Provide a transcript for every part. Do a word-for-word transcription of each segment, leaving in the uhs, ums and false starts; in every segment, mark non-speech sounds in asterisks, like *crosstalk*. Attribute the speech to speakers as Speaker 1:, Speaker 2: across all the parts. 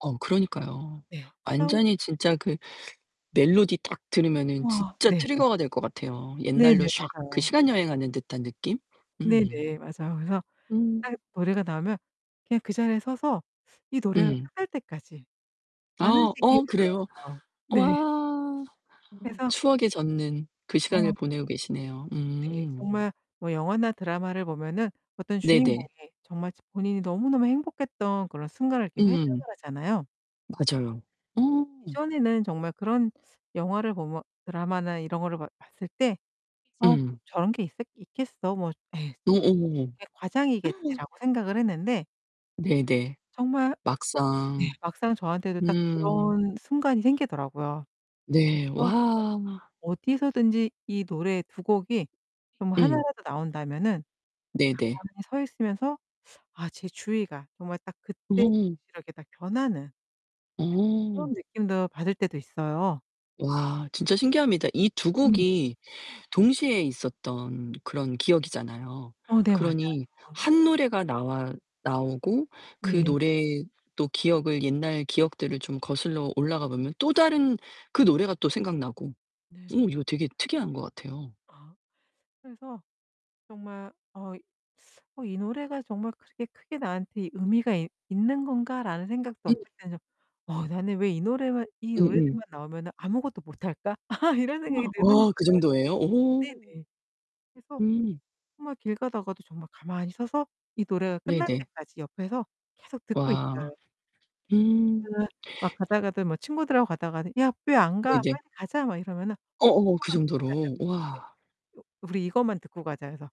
Speaker 1: 어 그러니까요.
Speaker 2: 네. 성에
Speaker 1: 완전히 진짜 그 멜로디 딱 들으면은
Speaker 2: 우와.
Speaker 1: 진짜
Speaker 2: 네. 말씀하
Speaker 1: 트리거가 될 것 같아요. 옛날로
Speaker 2: 네네.
Speaker 1: 샥 그
Speaker 2: 맞아요.
Speaker 1: 시간 여행하는 듯한 느낌? 음.
Speaker 2: 네네, 맞아요. 그래서 딱
Speaker 1: 음.
Speaker 2: 노래가 나오면 그냥 그 자리에 서서 이 노래가
Speaker 1: 음.
Speaker 2: 끝날 때까지 안
Speaker 1: 아 어 그래요?
Speaker 2: 움직이더라고요. 네.
Speaker 1: 와. *gasps*
Speaker 2: 그래서
Speaker 1: 추억에 젖는 그 시간을
Speaker 2: 어.
Speaker 1: 보내고 계시네요.
Speaker 2: 네.
Speaker 1: 음.
Speaker 2: 정말 뭐 영화나 드라마를 보면은 어떤
Speaker 1: 네네.
Speaker 2: 주인공이 정말 저 본인이 너무너무 행복했던 그런 순간을 이렇게 회상을
Speaker 1: 음.
Speaker 2: 하잖아요.
Speaker 1: 맞아요. 어.
Speaker 2: 예전에는 정말 그런 영화를 보면 드라마나 이런 거를 봐 봤을 때 '아 뭐
Speaker 1: 음.
Speaker 2: 저런 게 있었 있겠어? 뭐 에이 음
Speaker 1: 오오오오.
Speaker 2: 저렇게
Speaker 1: *gasps*
Speaker 2: 과장이겠지.'라고 생각을 했는데
Speaker 1: 네, 네.
Speaker 2: 정말 네.
Speaker 1: 막상.
Speaker 2: 막상 저한테도 딱
Speaker 1: 음.
Speaker 2: 그런 순간이 생기더라고요. 그래서
Speaker 1: 네.
Speaker 2: 정말
Speaker 1: 와.
Speaker 2: 어디서든지 이 노래 두 곡이 정말 하나
Speaker 1: 응.
Speaker 2: 라도 나온다면은
Speaker 1: 네네.
Speaker 2: 가만히 서 있으면서 아 제 주위가 정말 딱 그때 당시로
Speaker 1: 어.
Speaker 2: 이렇게 딱 변하는 그런
Speaker 1: 어.
Speaker 2: 느낌도 받을 때도 있어요.
Speaker 1: 와 진짜 신기합니다. 이 두
Speaker 2: 네네.
Speaker 1: 곡이 동시에 있었던 그런 기억이잖아요.
Speaker 2: 어 네, 맞아요.
Speaker 1: 그러니 한 노래가 나와 나오고 그
Speaker 2: 네.
Speaker 1: 노래 또 기억을, 옛날 기억들을 좀 거슬러 올라가 보면 또 다른 그 노래가 또 생각나고 어
Speaker 2: 네네.
Speaker 1: 이거 되게 특이한 것 같아요.
Speaker 2: 아 그래서 정말 어 '어 이 노래가 정말 그렇게 크게 나한테 의미가 이 있는 건가.'라는 생각도
Speaker 1: 음.
Speaker 2: 어쩔 땐 좀 '어 나는 왜 이 노래만 이
Speaker 1: 음음.
Speaker 2: 노래들만 나오면은 아무것도 못할까?' *laughs* 이런 생각이
Speaker 1: 우와.
Speaker 2: 드는
Speaker 1: 어 그
Speaker 2: 거예요
Speaker 1: 정도예요? 오.
Speaker 2: 정말. 네네. 그래서
Speaker 1: 음.
Speaker 2: 정말 길 가다가도 정말 가만히 서서 이 노래가 끝날
Speaker 1: 네네.
Speaker 2: 때까지 옆에서 계속 듣고
Speaker 1: 와.
Speaker 2: 있어요.
Speaker 1: 음.
Speaker 2: 제가 막 가다가도 뭐 친구들하고 가다가도 "야 왜 안
Speaker 1: 네.
Speaker 2: 가?
Speaker 1: 인제
Speaker 2: 빨리 가자." 막 이러면은
Speaker 1: 어,
Speaker 2: 어
Speaker 1: 어, 그
Speaker 2: 이거만 듣고 가자고.
Speaker 1: 정도로.
Speaker 2: 네.
Speaker 1: 와.
Speaker 2: 요 "우리 이것만 듣고 가자." 해서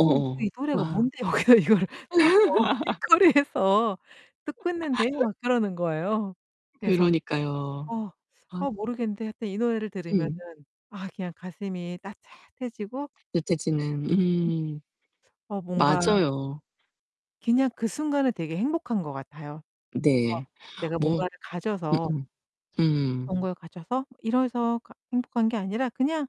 Speaker 2: "어 너 이 노래가
Speaker 1: 와.
Speaker 2: 뭔데? 여기서 이거를 서서
Speaker 1: *laughs*
Speaker 2: 길거리에서 듣고 있는데?"
Speaker 1: *laughs*
Speaker 2: 막 그러는 거예요. 그래서
Speaker 1: 그러니까요.
Speaker 2: 어,
Speaker 1: 아.
Speaker 2: 어 모르겠는데 하여튼 이 노래를 들으면은
Speaker 1: 응.
Speaker 2: 아 그냥 가슴이 따뜻해지고
Speaker 1: 따뜻해지는.
Speaker 2: 네네.
Speaker 1: 음.
Speaker 2: 어 뭔가
Speaker 1: 맞아요.
Speaker 2: 그냥 그 순간에 되게 행복한 것 같아요. 막
Speaker 1: 네.
Speaker 2: 내가
Speaker 1: 뭐
Speaker 2: 뭔가를 가져서
Speaker 1: 음음. 음.
Speaker 2: 그런 걸 가져서 뭐 이래서 가 행복한 게 아니라 그냥